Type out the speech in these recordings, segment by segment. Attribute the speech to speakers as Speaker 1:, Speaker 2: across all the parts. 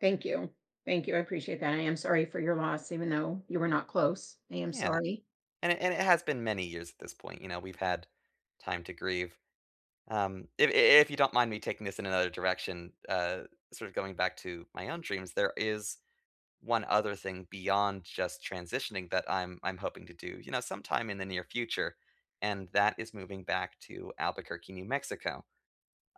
Speaker 1: Thank you. Thank you. I appreciate that. I am sorry for your loss even though you were not close. I am
Speaker 2: Yeah,
Speaker 1: sorry.
Speaker 2: and it and it has been many years at this point, you know, we've had time to grieve. Um, if i i if you don't mind me taking this in another direction, uh, sorta going back to my own dreams, there is one other thing beyond just transitioning that I'm I'm hoping to do, you know, sometime in the near future, and that is moving back to Albuquerque, New Mexico.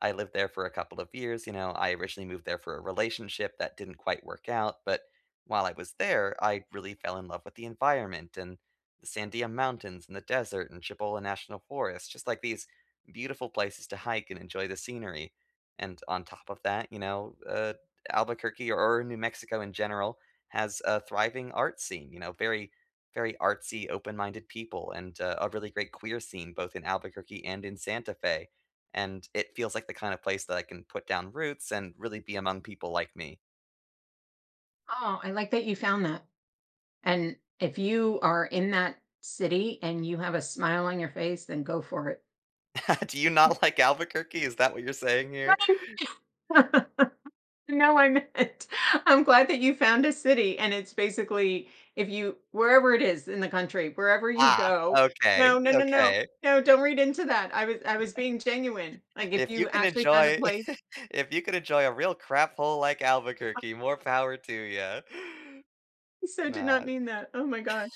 Speaker 2: I lived there for a couple of years, you know, I originally moved there for a relationship that didn't quite work out, but, while I was there, I really fell in love with the environment and the Sandia Mountains and the desert and Cibola National Forest, just, like, these beautiful places to hike and enjoy the scenery, and on top of that, you know, uh, Albuquerque, or New Mexico in genera,l has a thriving art scene, you know, very, very artsy, open-minded people, and a really great queer scene both in Albuquerque and in Santa Fe, and it feels like the kinda place that I can put down roots and really be among people like me.
Speaker 1: Oh, I like that you found that. And if you are in that city and you have a smile on your face, then go for it.
Speaker 2: Do you not like Albuquerque, is that what you're saying here?
Speaker 1: Right. No, I meant, I'm glad that you found a city and it's basically if you wherever it is in the country, wherever you
Speaker 2: Ah,
Speaker 1: go
Speaker 2: okay,
Speaker 1: no, no, no, no,
Speaker 2: okay.
Speaker 1: no, don't read into that. I was I was being genuine. Like, if
Speaker 2: If you
Speaker 1: you
Speaker 2: can
Speaker 1: actually found a
Speaker 2: enjoy
Speaker 1: place
Speaker 2: if you can enjoy a real craphole like
Speaker 1: [unintelligible]
Speaker 2: Albuquerque, more power to you.
Speaker 1: So did
Speaker 2: No,
Speaker 1: not
Speaker 2: I'm
Speaker 1: mean that. Oh, my gosh.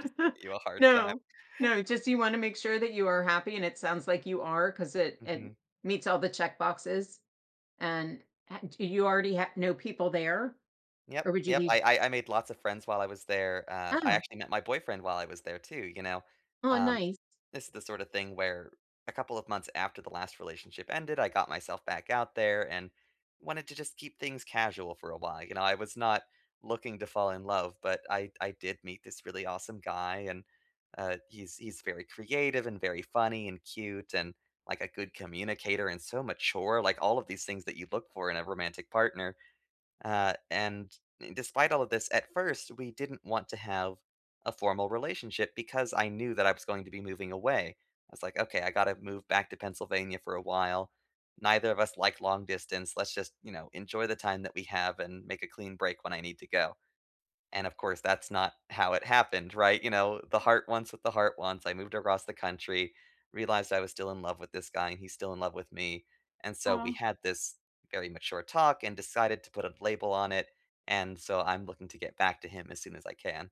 Speaker 2: just give you a hard time.
Speaker 1: No, no, just you wanna make sure that you are happy and it sounds like you are 'cause it it
Speaker 2: Mhm.
Speaker 1: meets all the checkboxes and h d you already h know people there
Speaker 2: Yep,
Speaker 1: or would you
Speaker 2: yep,
Speaker 1: be
Speaker 2: I I I made lots of friends while I was there. Uh, I
Speaker 1: Oh.
Speaker 2: actually met my boyfriend while I was there too, you know,
Speaker 1: Oh,
Speaker 2: um,
Speaker 1: nice.
Speaker 2: this is the sorta thing where a couple of months after the last relationship ended, I got myself back out there and wanted to just keep things casual for a while, you know, I was not looking to fall in love, but I d I did meet this really awesome guy, and, uh, he's he's very creative and very funny and cute and, like, a good communicator and so mature, like, all of these things that you look for in a romantic partner, uh, and despite all of this, at first we didn't want to have a formal relationship because I knew that I was going to be moving away. I was, like, "Okay, I gotta move back to Pennsylvania for a while. Neither of us like long distance. Let's just, you know, enjoy the time that we have and make a clean break when I need to go," and of course that's not how it happened, right? You know, the heart wants what the heart wants. I moved across the country, realized I was still in love with this guy, and he's still in love with me, and so we
Speaker 1: Oh.
Speaker 2: had this very mature talk and decided to put a label on it, and so I'm looking to get back to him as soon as I can.